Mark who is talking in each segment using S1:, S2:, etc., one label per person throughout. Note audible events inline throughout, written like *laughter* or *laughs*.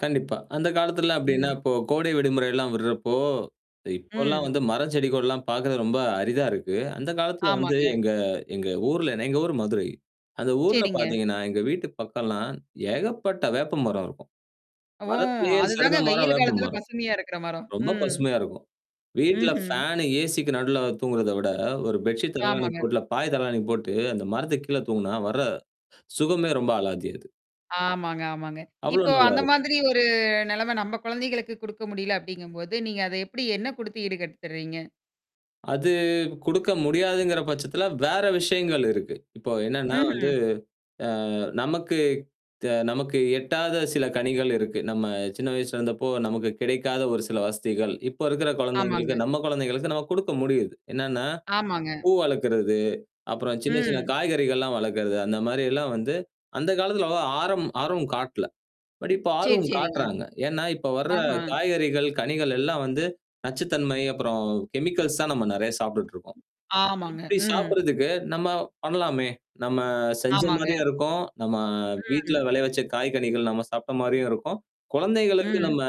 S1: கண்டிப்பா. அந்த காலத்துலாம் அப்டின்னா,
S2: ம்.
S1: இப்போ கோடை விடுமுறைெல்லாம் விடுறப்போ இப்போலாம்
S2: ம்.
S1: வந்து மரம் செடிகோள்லாம் பாக்கர்து ரொம்ப அரிதா இருக்கு. அந்த காலத்துல வந்து
S2: ஆமாங்க.
S1: எங்க எங்க, ஊர்ல எங்க ஊர் மதுரை, அந்த ஊர்ல
S2: சேரிங்க.
S1: பாத்தீங்கன்னா, எங்க வீட்டுக்கு பக்கம்லாம் ஏகப்பட்ட வேப்ப மரம் இருக்கும்.
S2: ஓ!
S1: மரத்திலேயே
S2: அதுதாங்க
S1: சிறந்த மரம்
S2: வெயில்
S1: வேப்ப
S2: காலத்துில
S1: மரம்.
S2: பசுமையா இருக்கிற மரம்.
S1: ரொம்ப
S2: ம்.
S1: பசுமையா இருக்கும். வீட்ல
S2: ம்ஹ்ம்.
S1: ஃபேனு ஏசிக்கு நடுல தூங்குறத விட ஒரு பெட்ஷீட் தலகாணி
S2: ஆமாங்க.
S1: போட்டுல பாய் தலைகாணி போட்டு, அந்த மரத்துக்கு கீழே தூங்குனா வர, *inhales* சுகமே ரொம்ப அலாதியாது.
S2: ஆமாங்க, ஆமாங்க.
S1: அவ்ளோ
S2: இப்போ
S1: நல்லா
S2: அந்த
S1: இரு
S2: மாதிரி ஒரு நெலைம நம்ம குழந்தைகளுக்கு குடுக்க முடியல அப்டிங்கும்போது, நீங்க அத எப்படி என்ன குடுத்து ஈடு கட்டுத்துறீங்க?
S1: அது குடுக்க முடியாதுங்கிற பட்சத்தில வேற விஷயங்கள் இருக்கு. இப்போ என்னன்னா வந்து
S2: ம்ஹ்ம்.
S1: அ நமக்கு த நமக்கு எட்டாத சில கனிகள் இருக்கு. நம்ம சின்ன வயசுல இருந்தப்போ நமக்கு கிடைக்காத ஒரு சில வசதிகள், இப்போ இருக்கிற குழந்தைகளுக்கு
S2: ஆமாங்க.
S1: நம்ம குழந்தைகளுக்கு நம்ம குடுக்க முடியுது, என்னன்னா,
S2: ஆமாங்க.
S1: பூ வளர்க்கறது, அப்புறம் சின்ன, சின்ன
S2: ம்.
S1: காய்கறிகள்லாம் வளர்க்கறது, அந்த மாரியெல்லாம் வந்து, அந்த காலத்தில வக ஆரம், ஆரம் காட்ல, பட் இப்ப
S2: சேரி,
S1: ஆர்வம்
S2: சேரிங்க.
S1: காட்டுறாங்க. ஏன்னா இப்ப வர
S2: ஆஹா.
S1: காய்கறிகள், கனிகள் எல்லாம் வந்து நச்சுத்தன்மை, அப்புறம் கெமிக்கல்ஸ் தான் நம்ம நெறைய சாப்டுட்டுருக்கோம்.
S2: ஆமாங்க,
S1: இப்படி
S2: ம்.
S1: சாப்படுறதுக்கு நம்ம பண்ணலாமே! நம்ம செஞ்ச
S2: ஆமாங்க.
S1: மாரியும் இருக்கும், நம்ம வீட்ல
S2: ம்.
S1: விலைய வச்ச காய்கனிகள் நம்ம சாப்ட்ட மாரியும் இருக்கும், குழந்தைகளுக்கு
S2: ம்.
S1: நம்ம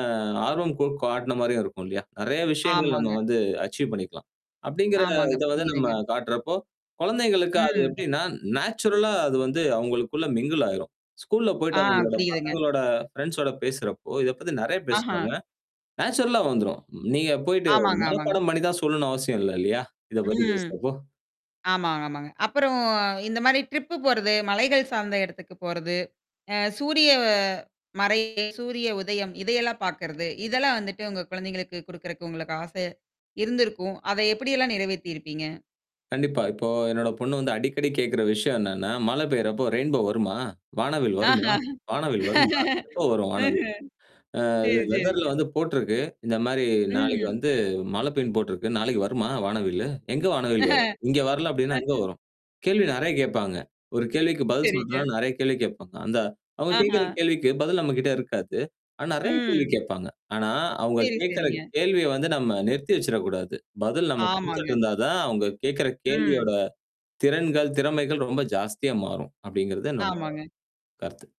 S1: ஆர்வம் கூட் கட்ன்ன மாரியும் இருக்கும் இல்லயா? நெறைய விஷயங்கள் நம்ம
S2: ஆமாங்க.
S1: வந்து அச்சீவ் பண்ணிக்கலாம். அப்டிங்கிற
S2: ஆமாங்க,
S1: இத வந்து நம்ம
S2: புரியுதுங்க.
S1: காட்டுறப்போ, குழந்தைகளுக்கு அது
S2: ம்.
S1: எப்டின்னா நேச்சுரலா அது வந்து அவங்களுக்குள்ள மிங்குள் ஆயிரும். ஸ்கூல்ல போயிடு
S2: ஆ,
S1: அவங்களோட
S2: புரியுதுங்க.
S1: பசங்களோட ஃப்ரெண்ட்ஸோட பேசுறப்போ, இத பத்தி நெறைய
S2: ஆஹா.
S1: பேசுவாங்க, நேச்சுரலா வந்துரும். நீங்க போயிடு
S2: ஆமாங்க, ஆமாங்க.
S1: மனப்பாடம் பண்ணி தான் சொல்லணும் அவசியம் இல்ல இல்லயா? இத பத்தி
S2: ம்.
S1: பேசுறதும்.
S2: ஆமாங்க, ஆமாங்க. அப்புறம் இந்த மாரி ட்ரிப் போறது, மலைகள் சார்ந்த இடத்துக்கு போறது, அ சூரிய மறையா சூரிய உதயம் இதையெல்லாம் பாக்கறது. இதெல்லாம் வந்துட்டு உங்க குழந்தைகளுக்கு குடுக்குறக்கு உங்களுக்கு ஆசு. இருந்திருக்கும். அத எப்டியெல்லாம் நிறைவேத்திருப்பீங்க?
S1: கண்டிப்பா. இப்போ என்னோட பொண்ணு வந்து அடிக்கடி கேட்கற விஷயம் என்னன்னா, மழை பெய்றப்போ ரெயின்போ வருமா? வானவில்
S2: ஆஹ.
S1: வருமா? வானவில் வருமா? எப்போ
S2: *laughs*
S1: வரும் வானவில்?
S2: ம்ஹ்ம்.
S1: *inhales* அ
S2: சேரி,
S1: வெதர்ல
S2: சேரிங்க
S1: வந்து போட்டுருக்கு, இந்த மாரி நாளைக்கு
S2: ம்.
S1: வந்து மழை பெய்யுன் போட்டருக்கு. நாளைக்கு வருமா வானவில்லு? எங்க வானவில்ய வரும்
S2: *chuckles*
S1: இங்க வரல? அப்டின்னா
S2: ஆ.
S1: எங்க வரும் கேள்வி நெறைய கேட்பாங்க. ஒரு கேள்விக்கு பதில்
S2: சேரிங்க.
S1: சொல்றனா நெறைய கேள்வி கேட்பாங்க. அந்த அவங்க
S2: ஆஹா.
S1: கேட்கற கேள்விக்கு பதில் நம்ம கிட்ட இருக்காது. ஆனா நெறைய கேள்வி
S2: ம்.
S1: கேடப்பாங்க, ஆனா, அவங்க
S2: சேரி,
S1: கேகுற
S2: சேரிங்க.
S1: கேள்விய வந்து நம்ம நிறுத்தி வச்சிடக்கூடாது, பதில் நம்ம குடுத்துட்டு
S2: ஆமாங்க.
S1: இருந்தா தான் அவங்க கேட்கற கேள்வியோட,
S2: ம்.
S1: திறன்கள், திறமைகள் ரொம்ப ஜாஸ்தியா மாறும், அப்டிங்கிறத என்னோட
S2: ஆமாங்க.
S1: கருத்து.